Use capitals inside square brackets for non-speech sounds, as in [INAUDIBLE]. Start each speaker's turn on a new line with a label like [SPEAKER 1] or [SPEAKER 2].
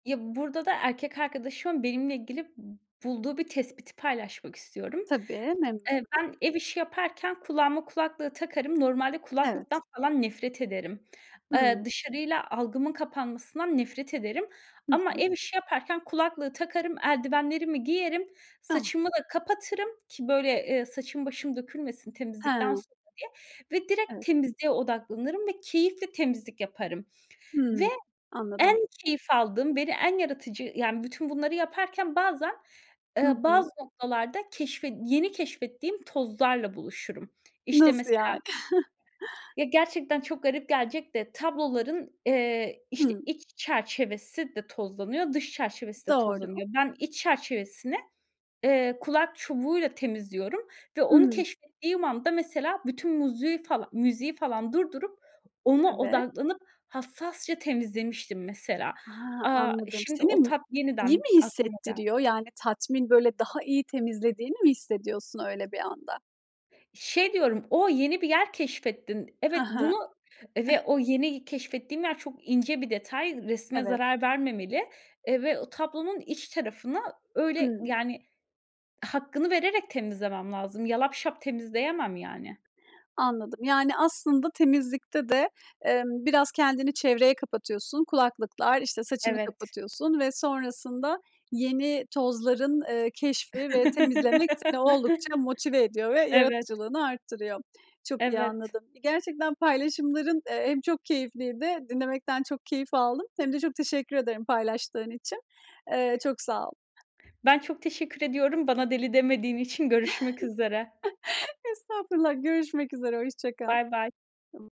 [SPEAKER 1] Ya, burada da erkek arkadaşımın benimle ilgili b bulduğu bir tespiti paylaşmak istiyorum.
[SPEAKER 2] Tabii, memnun
[SPEAKER 1] Eee,
[SPEAKER 2] olurum.
[SPEAKER 1] ben ev işi yaparken kulağıma kulaklığı takarım. Normalde
[SPEAKER 2] Evet.
[SPEAKER 1] kulaklıktan falan nefret ederim. Eee,
[SPEAKER 2] Hıı.
[SPEAKER 1] dışarıyla algımın kapanmasından nefret ederim
[SPEAKER 2] Hı
[SPEAKER 1] ama
[SPEAKER 2] hı.
[SPEAKER 1] ev işi yaparken kulaklığı takarım, eldivenlerimi giyerim,
[SPEAKER 2] Tamam.
[SPEAKER 1] saçımı da kapatırım ki, böyle, eee, saçım başım dökülmesin temizlikten
[SPEAKER 2] Ha.
[SPEAKER 1] sonra diye ve direkt
[SPEAKER 2] Evet.
[SPEAKER 1] temizliğe odaklanırım ve keyifle temizlik yaparım. Ve
[SPEAKER 2] Hıı,
[SPEAKER 1] en
[SPEAKER 2] anladım.
[SPEAKER 1] keyif aldığım, beni en yaratıcı yani, bütün bunları yaparken bazen,
[SPEAKER 2] Hı
[SPEAKER 1] eee, bazı
[SPEAKER 2] hı.
[SPEAKER 1] noktalarda keşfet yeni keşfettiğim tozlarla buluşurum. İşte,
[SPEAKER 2] Nasıl yani?
[SPEAKER 1] mesela
[SPEAKER 2] [CHUCKLES]
[SPEAKER 1] Ya, gerçekten çok garip gelecek de; tabloların, eee, işte,
[SPEAKER 2] Hı.
[SPEAKER 1] iç çerçevesi de tozlanıyor, dış çerçevesi de
[SPEAKER 2] Doğru.
[SPEAKER 1] tozlanıyor. Ben iç çerçevesini, eee, kulak çubuğuyla temizliyorum ve onu
[SPEAKER 2] Hıı.
[SPEAKER 1] keşfettiğim anda, mesela, bütün muzüğü fala müziği falan durdurup, ona
[SPEAKER 2] Evet.
[SPEAKER 1] odaklanıp, hassasça temizlemiştim mesela.
[SPEAKER 2] A!
[SPEAKER 1] Aaa,
[SPEAKER 2] Anladım.
[SPEAKER 1] şimdi
[SPEAKER 2] Seni
[SPEAKER 1] o
[SPEAKER 2] mu
[SPEAKER 1] tat
[SPEAKER 2] iyi
[SPEAKER 1] yeniden
[SPEAKER 2] mi
[SPEAKER 1] aklıma geldi.
[SPEAKER 2] hissettiriyor? Yani, tatmin, böyle, daha iyi temizlediğini mi hissediyorsun öyle bir anda?
[SPEAKER 1] Şey diyorum: O, yeni bir yer keşfettin.
[SPEAKER 2] Hı
[SPEAKER 1] Evet,
[SPEAKER 2] hı.
[SPEAKER 1] bunu ve
[SPEAKER 2] [GIGGLES]
[SPEAKER 1] o yeni keşfettiğin yer çok ince bir detay. Resme
[SPEAKER 2] Evet.
[SPEAKER 1] zarar vermemeli, eee, ve o tablonun iç tarafını, öyle,
[SPEAKER 2] Hıı.
[SPEAKER 1] yani, hakkını vererek temizlemem lazım. Yalapşap temizleyemem, yani.
[SPEAKER 2] Anladım. Yani, aslında temizlikte de, emm, biraz kendini çevreye kapatıyorsun, kulaklıklar, işte, saçını
[SPEAKER 1] Evet.
[SPEAKER 2] kapatıyorsun ve sonrasında yeni tozların, eee, keşfi ve temizlemek seni oldukça motive
[SPEAKER 1] [LAUGHS]
[SPEAKER 2] ediyor ve
[SPEAKER 1] Evet.
[SPEAKER 2] yaratıcılığını arttırıyor. Çok iyi
[SPEAKER 1] Evet.
[SPEAKER 2] anladım. Ve gerçekten paylaşımların, eee, hem çok keyifliydi. Dinlemekten çok keyif aldım. Hem de çok teşekkür ederim paylaştığın için. Eee, çok sağ ol.
[SPEAKER 1] Ben çok teşekkür ediyorum, bana deli demediğin için. Görüşmek üzere.
[SPEAKER 2] [CHUCKLES] Estağfurullah. Görüşmek üzere. Hoşça kal.
[SPEAKER 1] Baybay.
[SPEAKER 2] [UNINTELLIGIBLE]